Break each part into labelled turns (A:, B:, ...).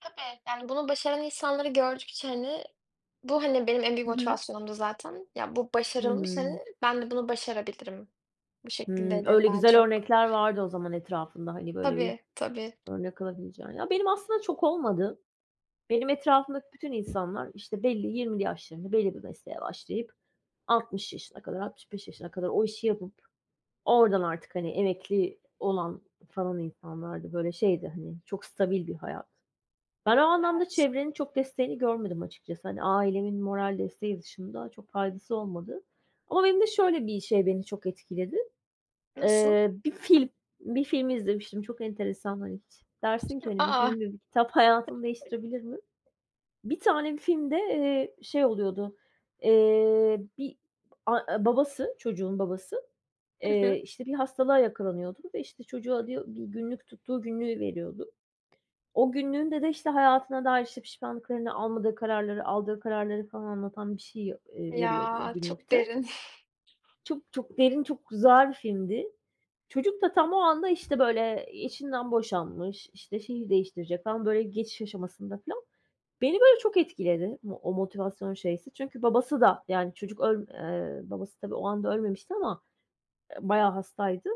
A: Tabii. Yani, bunu başaran insanları gördükçe hani, bu, hani, benim en büyük
B: Hı hı.
A: motivasyonumdu zaten. "Ya, bu başarılmış,
B: Hıı.
A: hani, ben de bunu başarabilirim." Bu
B: Hıı,
A: şekildeydi, hani,
B: öyle
A: daha
B: güzel
A: çok.
B: örnekler vardı o zaman etrafında. Hani, böyle bir
A: Tabii, tabii.
B: örnek alabileceğin. Ya, benim aslında çok olmadı. Benim etrafımdaki bütün insanlar, işte, belli 20'li yaşlarında belli bir mesleğe başlayıp 60 yaşına kadar, 65 yaşına kadar o işi yapıp oradan artık, hani, emekli olan falan insanlardı. Böyle şeydi, hani, çok stabil bir hayat. Ben o anlamda
A: Evet.
B: çevrenin çok desteğini görmedim açıkçası. Hani, ailemin moral desteği dışında çok faydası olmadı. Ama beni de şöyle bir şey, beni çok etkiledi.
A: Nasıl?
B: Eee, 1 film 1 film izlemiştim. Çok enteresan. Hani, hiç dersin ki
A: A,
B: "Hani, 1
A: a!
B: film ve 1 kitap hayatını
A: [unintelligible]
B: değiştirebilir mi?" 1 tane filmde, eee, şey oluyordu. Eee, bir a babası, çocuğun babası,
A: Hı
B: eee,
A: hı.
B: işte, bir hastalığa yakalanıyordu ve işte, çocuğu alıyor, 1 günlük tuttuğu günlüğü veriyordu. O günlüğünde de işte, hayatına dair, işte, pişmanlıklarını, almadığı kararları, aldığı kararları falan anlatan bir şey, ııı, veriyordu o
A: Ya, çok
B: günlükte
A: derin!
B: çok, çok derin, çok güzel filmdi. Çocuk da tam o anda, işte böyle, eee, eşinden boşanmış, işte, şehir değiştirecek. Tam böyle geçiş aşamasında filan. Beni böyle çok etkiledi mo o motivasyon şeysi. Çünkü babası da yani, çocuk öl eee, babası tabii o anda ölmemişti ama, eee, bayağı hastaydı.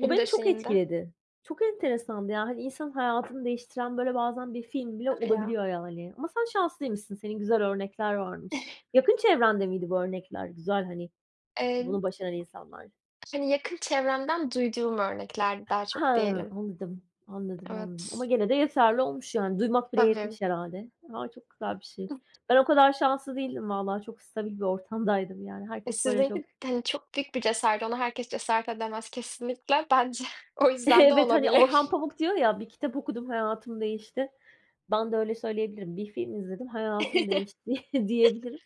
B: O beni çok
A: döşeğinde.
B: etkiledi. Çok enteresandı ya, hani. İnsanın hayatını değiştiren böyle bazen 1 film bile
A: Hadi ya!
B: olabiliyor, yani. Ama sen şanslıymışsın. Senin güzel örnekler varmış. Yakın çevrende miydi bu örnekler? Güzel, hani,
A: Emm.
B: bunu başaran insanlar.
A: Hani, yakın çevremden duyduğum örneklerdi daha
B: Ha,
A: çok diyelim.
B: anladım, anladım, anladım. Ama
A: Evet.
B: gene de yeterli olmuş. Yani, duymak bile
A: Tabii.
B: yetmiş herhâlde. A, çok güzel bir şey. Ben o kadar şanslı değildim valla. Çok stabil bir ortamdaydım, yani.
A: E,
B: Herkes böyle çok
A: sizinki hani, çok büyük bir cesaret. Ona herkes cesaret edemez kesinlikle. Bence o yüzden de
B: Evet, hani, Orhan
A: olabilir.
B: Pamuk diyor ya: "1 kitap okudum, hayatım değişti." Ben de öyle söyleyebilirim. 1 film izledim, hayatım değişti diyebilirim.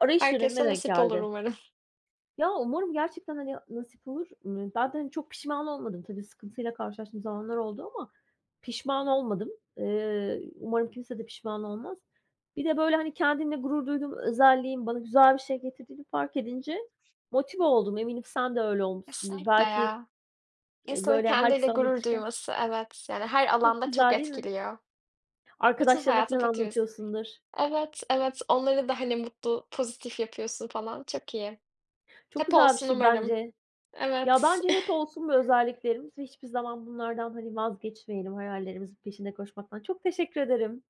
B: Arayış dönemime
A: Herkese
B: denk
A: nasip olur
B: geldi.
A: umarım.
B: Ya, umarım gerçekten, hani, nasip olur. Imm, ben de hani, çok pişman olmadım. Tabii, sıkıntıyla karşılaştığım zamanlar oldu ama pişman olmadım. Eee, umarım kimse de pişman olmaz. Bir de böyle, hani, kendimle gurur duyduğum özelliğin bana güzel bir şey getirdiğini fark edince motive oldum. Eminim sen de öyle olmuşsundur.
A: Kesinlikle
B: Belki,
A: ya.
B: eee,
A: İnsanın
B: böyle,
A: kendiyle
B: herkese
A: gurur
B: anlatırken
A: duyması, evet, yani, her
B: Çok
A: alanda çok
B: güzel değil mi?
A: etkiliyor. Bütün
B: Arkadaşlarına
A: hayatın
B: filan
A: faturası.
B: anlatıyorsundur.
A: Evet, evet, onları da hani, mutlu, pozitif yapıyorsun falan. Çok iyi.
B: Çok
A: Hep
B: güzel bir
A: olsun
B: şey
A: umarım.
B: bence. Ya,
A: Evet.
B: bence hep olsun bu özelliklerimiz. Hiçbir zaman bunlardan, hani, vazgeçmeyelim. Hayallerimizin peşinde koşmaktan. Çok teşekkür ederim.